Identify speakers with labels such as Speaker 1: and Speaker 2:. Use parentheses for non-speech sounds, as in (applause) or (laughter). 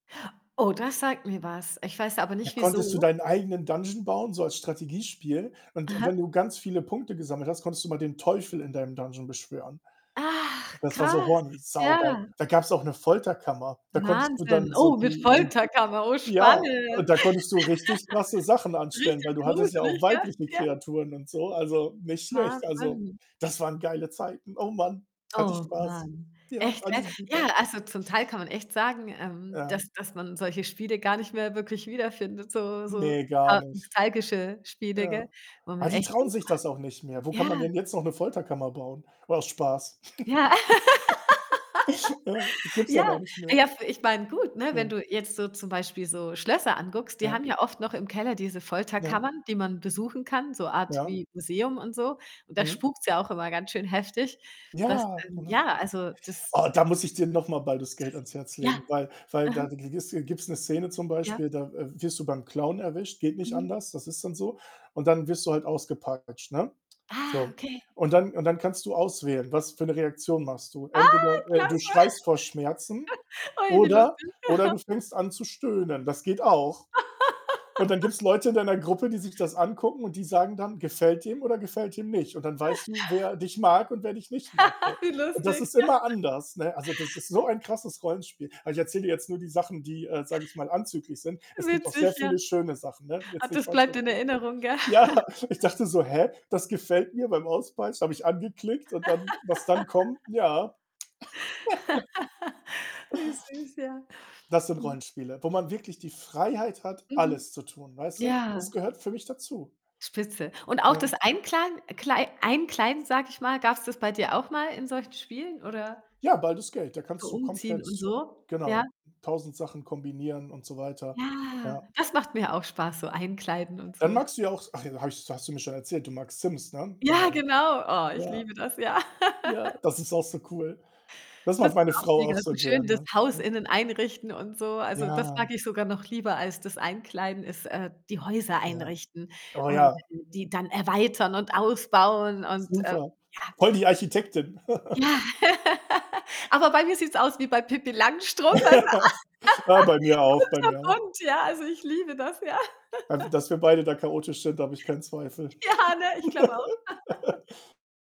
Speaker 1: Oh, das sagt mir was. Ich weiß aber
Speaker 2: Ja,
Speaker 1: nicht,
Speaker 2: konntest du
Speaker 1: wieso.
Speaker 2: deinen eigenen dungeon bauen, so als Strategiespiel und wenn
Speaker 1: Aha.
Speaker 2: du ganz viele Punkte gesammelt hast, konntest du mal den Teufel in deinem dungeon beschwören.
Speaker 1: Ach
Speaker 2: Das war so
Speaker 1: krass,
Speaker 2: horny, saugeil.
Speaker 1: ja.
Speaker 2: Da gab's auch eine Folterkammer. Da konntest du
Speaker 1: Wahnsinn.
Speaker 2: dann so
Speaker 1: Oh, mit
Speaker 2: die die
Speaker 1: Folterkammer, oh,
Speaker 2: ja, und
Speaker 1: spannend.
Speaker 2: da konntest du richtig krasse Sachen
Speaker 1: (laughs)
Speaker 2: anstellen, weil
Speaker 1: Richtig
Speaker 2: du hattest ja
Speaker 1: gruselig,
Speaker 2: auch
Speaker 1: gell?
Speaker 2: weibliche
Speaker 1: Ja.
Speaker 2: Kreaturen und so, also nicht schlecht. Also,
Speaker 1: Wahnsinn.
Speaker 2: das waren geile Zeiten. Oh Mann, hatte ich
Speaker 1: Oh
Speaker 2: Spaß.
Speaker 1: Mann.
Speaker 2: Ja,.
Speaker 1: Echt, ey? Ja,
Speaker 2: (unintelligible)
Speaker 1: also zum Teil kann man echt sagen, ähm,
Speaker 2: Ja.
Speaker 1: dass dass man solche Spiele gar nicht mehr wirklich wiederfindet, so so
Speaker 2: Ne, gar
Speaker 1: (unintelligible)
Speaker 2: nicht.
Speaker 1: nostalgische Spiele, gell,
Speaker 2: Ja.
Speaker 1: wo
Speaker 2: Ah,
Speaker 1: man
Speaker 2: die
Speaker 1: echt
Speaker 2: trauen
Speaker 1: denkt:
Speaker 2: sich das auch nicht mehr. Wo
Speaker 1: „Boah“
Speaker 2: kann man
Speaker 1: ja.
Speaker 2: denn jetzt noch 'ne Folterkammer bauen? War aus Spaß.
Speaker 1: Ja,
Speaker 2: (laughs) Ja, das
Speaker 1: (laughs)
Speaker 2: gibt es ja gar
Speaker 1: Ja,
Speaker 2: nicht
Speaker 1: ah,
Speaker 2: mehr.
Speaker 1: ja, f ich meine gut, ne, wenn
Speaker 2: Ja.
Speaker 1: du jetzt so zum Beispiel so Schlösser anguckst, die
Speaker 2: Ja.
Speaker 1: haben ja oft noch im Keller diese
Speaker 2: Ja.
Speaker 1: Folterkammern, die man besuchen kann, so Art
Speaker 2: Ja.
Speaker 1: wie Museum und so und da
Speaker 2: Mhm.
Speaker 1: spukt's ja auch immer ganz schön heftig, dass
Speaker 2: Ja,
Speaker 1: ähm,
Speaker 2: genau.
Speaker 1: ja, also,
Speaker 2: Oh,
Speaker 1: das, äh
Speaker 2: da muss ich dir noch mal „Baldur's Gate“ ans
Speaker 1: (unintelligible)
Speaker 2: Herz legen,
Speaker 1: Ja.
Speaker 2: weil weil
Speaker 1: Mhm.
Speaker 2: (unintelligible) gibt's 'ne Szene zum
Speaker 1: Ja.
Speaker 2: Beispiel, da, äh, wirst du beim Klauen erwischt, geht nicht
Speaker 1: Mhm.
Speaker 2: anders, das ist dann so und dann wirst du halt ausgepeitscht, ne?
Speaker 1: Ah,
Speaker 2: So,
Speaker 1: okay.
Speaker 2: und dann und dann kannst du auswählen, was für 'ne Reaktion machst du? Entweder,
Speaker 1: Ah,
Speaker 2: äh, du
Speaker 1: klasse.
Speaker 2: schreist vor Schmerzen
Speaker 1: (chuckles) Ui, wie
Speaker 2: oder
Speaker 1: lustig.
Speaker 2: oder
Speaker 1: (snorts)
Speaker 2: du fängst an zu stöhnen. Das geht auch und dann
Speaker 1: (laughs)
Speaker 2: gibt's Leute in deiner Gruppe, die sich das angucken und die sagen dann, gefällt dem oder gefällt dem nicht und dann
Speaker 1: (chuckles)
Speaker 2: weißt du, wer dich mag und wer dich nicht mag, so.
Speaker 1: (laughs) Wie
Speaker 2: Und das
Speaker 1: lustig.
Speaker 2: ist immer
Speaker 1: (laughs)
Speaker 2: anders, ne? Also, das ist so ein krasses Rollenspiel. Ah, ich erzähle dir jetzt nur die Sachen, die äh, sage ich mal, anzüglich sind. Es gibt auch sehr
Speaker 1: Witzig, ja.
Speaker 2: viele schöne Sachen, ne?
Speaker 1: Ach,
Speaker 2: Jetzt nicht
Speaker 1: das
Speaker 2: falsch
Speaker 1: bleibt in
Speaker 2: verstehen.
Speaker 1: Erinnerung, gell?
Speaker 2: Ja, ich
Speaker 1: (laughs)
Speaker 2: dachte so: „Hä? Das gefällt mir“ beim Auspeitschen, habe ich angeklickt und dann was dann kommt,
Speaker 1: (laughs)
Speaker 2: ja. (giggles)
Speaker 1: (laughs) Wie süß, ja.
Speaker 2: Das sind
Speaker 1: Mhm.
Speaker 2: Rollenspiele, wo man wirklich die Freiheit hat,
Speaker 1: Mhm.
Speaker 2: alles zu tun, weißt du?
Speaker 1: Ja.
Speaker 2: Das gehört für mich dazu.
Speaker 1: Spitze. Und auch
Speaker 2: Ja.
Speaker 1: das Einkladen Klei Einkleiden, sage ich mal, gab's das bei dir auch mal in solchen Spielen, oder?
Speaker 2: Ja, „Baldur's Gate“ da
Speaker 1: So
Speaker 2: kannst du
Speaker 1: umziehen und
Speaker 2: komplett,
Speaker 1: so,
Speaker 2: genau,
Speaker 1: ja?
Speaker 2: 1.000 Sachen kombinieren und so weiter,
Speaker 1: Ja,
Speaker 2: ja.
Speaker 1: das macht mir auch Spaß. So, Einkleiden und
Speaker 2: Dann
Speaker 1: so.
Speaker 2: magst du ja auch s ach, habe ich hast du mir schon erzählt, du magst Sims, ne?
Speaker 1: Ja,
Speaker 2: Genau.
Speaker 1: genau. Oh, ich
Speaker 2: Ja.
Speaker 1: liebe das, ja.
Speaker 2: Ja,
Speaker 1: (laughs)
Speaker 2: das ist auch so cool. Das
Speaker 1: Das
Speaker 2: mag
Speaker 1: ist
Speaker 2: meine
Speaker 1: auch
Speaker 2: Frau
Speaker 1: mega
Speaker 2: auch
Speaker 1: so
Speaker 2: so
Speaker 1: schön, das
Speaker 2: gerne.
Speaker 1: Haus
Speaker 2: Ja.
Speaker 1: innen einrichten und so. Also, das mag
Speaker 2: Ja.
Speaker 1: ich sogar noch lieber als das Einkleiden ist äh, die Häuser
Speaker 2: Ja.
Speaker 1: einrichten
Speaker 2: Oh,
Speaker 1: und
Speaker 2: ja.
Speaker 1: dann die dann erweitern und ausbauen und, ähm,
Speaker 2: Super.
Speaker 1: ja.
Speaker 2: Voll die Architektin.
Speaker 1: Ja,
Speaker 2: (laughs)
Speaker 1: (laughs) aber bei mir sieht's aus wie bei Pipi Langstrumpf. Also,
Speaker 2: (laughs) Ja, bei mir auch, bei
Speaker 1: (laughs)
Speaker 2: mir auch.
Speaker 1: kunterbunt, ja, also ich liebe das, ja.
Speaker 2: Einfach, dass
Speaker 1: (laughs)
Speaker 2: wir beide da chaotisch sind, da habe ich keinen Zweifel.
Speaker 1: Ja, ne, ich glaube auch. (laughs)
Speaker 2: (laughs)